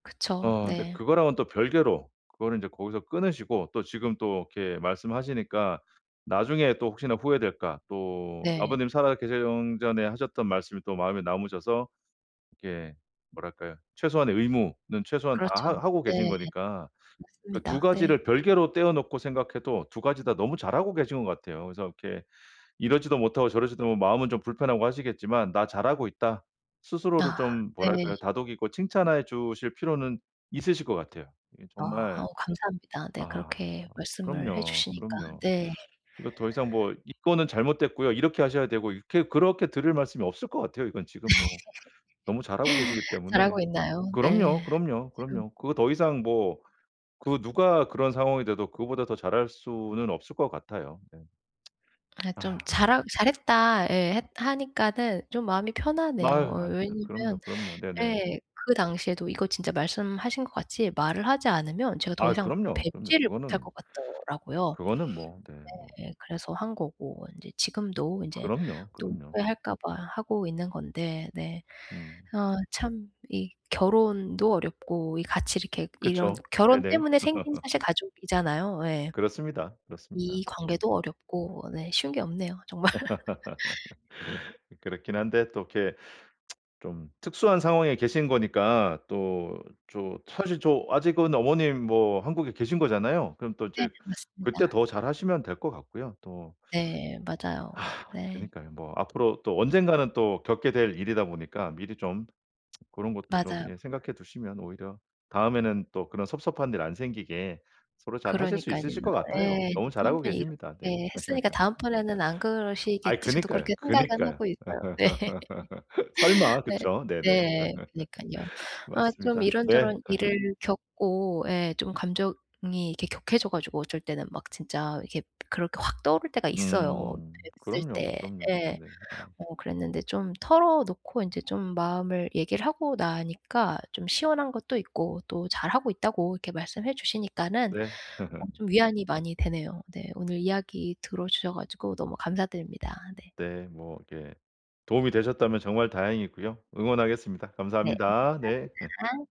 그쵸. 어 근데 네. 그거랑은 또 별개로 그거는 인제 거기서 끊으시고 또 지금 또 이렇게 말씀하시니까 나중에 또 혹시나 후회될까 또 네. 아버님이 살아 계시 엉 전에 하셨던 말씀이 또 마음에 남으셔서 이게 뭐랄까요 최소한의 의무는 최소한 다 그렇죠. 하 하고 네. 계신 거니까 그 2 맞습니다. 네. 가지를 별개로 떼어 놓고 생각해도 2 가지 다 너무 잘하고 계신 것 같아요. 그래서 이렇게 이러지도 못하고 저러지도 뭐 마음은 좀 불편하고 하시겠지만 '나 잘하고 있다.' 스스로를 아 좀 네. 뭐랄까요 다독이고 칭찬해 주실 필요는 있으실 것 같아요. 이게 어. 정말 어 감사합니다. 네. 아 그렇게 말씀을 해 그럼요, 주시니까. 그럼요. 네. 이거 더 이상 뭐 "이 건은 잘못됐고요. 이렇게 하셔야 되고." 이렇게 그렇게 드릴 말씀이 없을 것 같아요. 이건 지금 뭐 너무 잘하고 계시기 때문에. 잘하고 있나요? 네. 그럼요, 그럼요, 지금 그럼요. 그거 더 이상 뭐 그 누가 그런 상황이 돼도 그거보다 더 잘할 수는 없을 것 같아요. 네. 아이 좀 아. 잘하 "잘했다." 예 해 하니까는 좀 마음이 편하네요. 마으 어 아닙니다. 왜냐면 그럼요, 그럼요. 네네. 예 그 당시에도 이거 진짜 말씀하신 것 같이 말을 하지 않으면 제가 더 아이 이상 그럼요, 그럼요. 뵙지를 못할 그거는 것 같더라고요. 그거는 뭐 네 뭐. 네. 그래서 한 거고 인제 지금도 인제 그럼요, 또 그럼요. 후회할까 봐 하고 있는 건데. 네. 음. 어 참 이 결혼도 어렵고 이 같이 이렇게 이런 그쵸. 결혼 네네. 때문에 생긴 사실 가족이잖아요. 예. 그렇습니다, 그렇습니다. 이 네. 관계도 어렵고. 네 쉬운 게 없네요 정말. 그렇긴 한데 또 이렇게 좀 특수한 상황에 계신 거니까 또 저 사실 저 아직은 어머님 뭐 한국에 계신 거잖아요. 그럼 또 네. 이제 그때 맞습니다. 더 잘하시면 될 것 같고요. 또 네. 맞아요. 네. 그니까요. 뭐 앞으로 또 언젠가는 또 겪게 될 일이다 보니까 미리 좀 그런 것도 좀 맞아요. 예 생각해 두시면 오히려 다음에는 또 그런 섭섭한 일 안 생기게 서로 잘하실 수 그러니깐요. 있으실 것 같아요. 예. 인제 너무 또 1 잘하고 번 이렇게 계십니다. 네. 했으니까 '다음번에는 안 아이 그러시겠지.' 저도 그니까요, 그렇게 생각은 그니까요. 하고 있어요. 네. 설마 네. 그쵸. 네네. 네. 그니깐요. 아 좀 맞습니다. 네. 이런저런 일을 겪고 예 좀 감정이 이렇게 격해져 가지고 어쩔 때는 막 진짜 이게 그렇게 확 떠오를 때가 있어요 음. 뵀을 그럼요, 때. 그럼요. 예. 네네. 어. 어 그랬는데 좀 털어놓고 인제 좀 마음을 얘기를 하고 나니까 좀 시원한 것도 있고 또 잘하고 있다고 이렇게 말씀해 주시니까는 네. 어 좀 위안이 많이 되네요. 네. 오늘 이야기 들어주셔 가지고 너무 감사드립니다. 네. 네. 뭐 이렇게 도움이 되셨다면 정말 다행이고요. 응원하겠습니다. 네. 진짜 감사합니다. 네. 감사합니다.